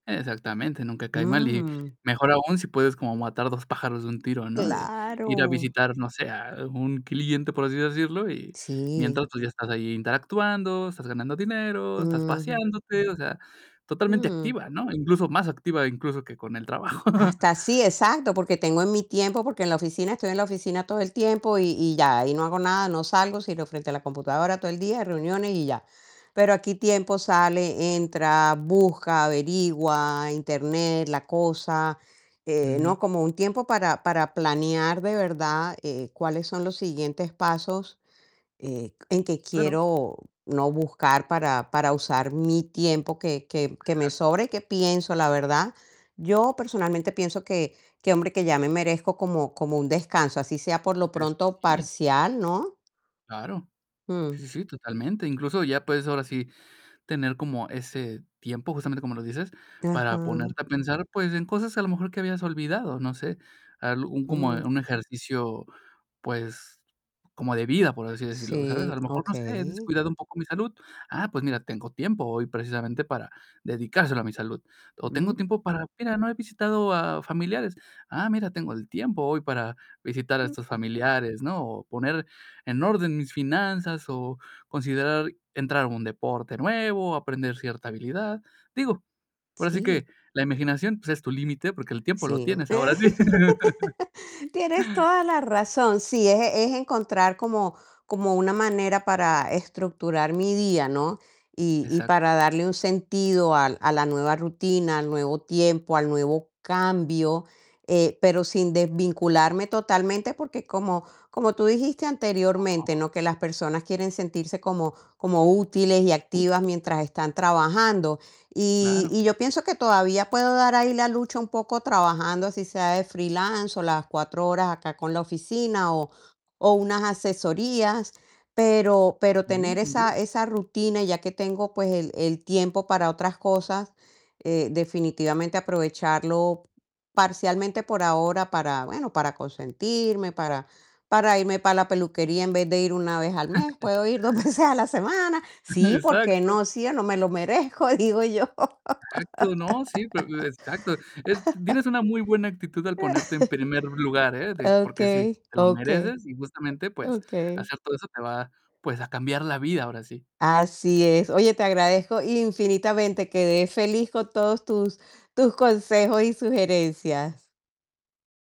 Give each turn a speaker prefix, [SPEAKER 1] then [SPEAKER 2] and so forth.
[SPEAKER 1] Exactamente, nunca cae mal y
[SPEAKER 2] Mm.
[SPEAKER 1] mejor aún si puedes como matar 2 pájaros de un tiro, ¿no?, de ir a
[SPEAKER 2] Claro.
[SPEAKER 1] visitar, no sé, a un cliente, por así decirlo, y
[SPEAKER 2] Sí.
[SPEAKER 1] mientras tú ya estás ahí interactuando, estás ganando dinero, estás
[SPEAKER 2] Mm.
[SPEAKER 1] paseándote, o sea, totalmente
[SPEAKER 2] Mm.
[SPEAKER 1] activa, ¿no?, incluso más activa incluso que con el trabajo.
[SPEAKER 2] Hasta sí, exacto, porque tengo en mi tiempo, porque en la oficina estoy en la oficina todo el tiempo y y ya, ahí no hago nada, no salgo sino frente a la computadora todo el día, reuniones y ya. Pero aquí tiempo sale, entra, busca, averigua, internet, la cosa, eh, ¿no?,
[SPEAKER 1] Ujú.
[SPEAKER 2] como un tiempo para para planear de verdad, eh, cuáles son los siguientes pasos, eh, en que
[SPEAKER 1] Claro.
[SPEAKER 2] quiero no buscar para para usar mi tiempo que que que me
[SPEAKER 1] Exacto.
[SPEAKER 2] sobra y que pienso, la verdad. Yo personalmente pienso que que hombre, que ya me merezco como como un descanso, así sea por lo
[SPEAKER 1] Es
[SPEAKER 2] pronto
[SPEAKER 1] que sí.
[SPEAKER 2] parcial, ¿no?
[SPEAKER 1] Claro.
[SPEAKER 2] Mm.
[SPEAKER 1] Sí, sí, totalmente, incluso ya puedes ahora sí tener como ese tiempo, justamente como lo dices, para ponerte
[SPEAKER 2] Ajá.
[SPEAKER 1] a pensar, pues, en cosas a lo mejor que habías olvidado, no sé, al un, como
[SPEAKER 2] Mm.
[SPEAKER 1] un ejercicio, pues, como de vida, por así decirlo, ¿sabes?, a
[SPEAKER 2] Sí,
[SPEAKER 1] lo mejor, no sé: "He
[SPEAKER 2] okey.
[SPEAKER 1] descuidado un poco mi salud, ah, pues mira, tengo tiempo hoy precisamente para dedicárselo a mi salud", o tengo
[SPEAKER 2] Mm.
[SPEAKER 1] tiempo para: "Mira, no he visitado a familiares, ah, mira, tengo el tiempo hoy para visitar a estos familiares", ¿no?, o poner en orden mis finanzas o considerar entrar a un deporte nuevo, aprender cierta habilidad. Digo, ahora sí que
[SPEAKER 2] Sí.
[SPEAKER 1] la imaginación, pues, es tu límite, porque el tiempo lo
[SPEAKER 2] Sí,
[SPEAKER 1] tienes ahora sí.
[SPEAKER 2] tienes toda la razón, sí, es es encontrar como como una manera para estructurar mi día, ¿no?, y y
[SPEAKER 1] Exacto.
[SPEAKER 2] para darle un sentido al a la nueva rutina, al nuevo tiempo, al nuevo cambio, eh, pero sin desvincularme totalmente, porque como como tú dijiste anteriormente, ¿no?, que las personas quieren sentirse como como útiles y activas
[SPEAKER 1] [unintelligible]
[SPEAKER 2] mientras están trabajando, y
[SPEAKER 1] Claro.
[SPEAKER 2] y yo pienso que todavía puedo dar ahí la lucha un poco trabajando, así sea de freelance o las 4 horas acá con la oficina o o unas asesorías, pero pero tener
[SPEAKER 1] Sí, sin duda.
[SPEAKER 2] esa esa rutina, ya que tengo, pues el el tiempo para otras cosas, eh, definitivamente aprovecharlo parcialmente por ahora para bueno, para consentirme, para para irme para la peluquería en vez de ir una vez al mes, puedo ir 2 veces a la semana, sí, ¿por qué
[SPEAKER 1] Exacto.
[SPEAKER 2] no?, si yo no me lo merezco, digo yo.
[SPEAKER 1] Exacto, ¿no?, sí, pe exacto. Es tienes una muy buena actitud al ponerte en primer lugar, ¿eh?, de porque sí,
[SPEAKER 2] Okey,
[SPEAKER 1] te lo
[SPEAKER 2] okey.
[SPEAKER 1] mereces y justamente, pues
[SPEAKER 2] Okey.
[SPEAKER 1] hacer todo eso te va, pues a cambiar la vida ahora sí.
[SPEAKER 2] Así es. Oye, te agradezco infinitamente. Quedé feliz con todos tus tus consejos y sugerencias.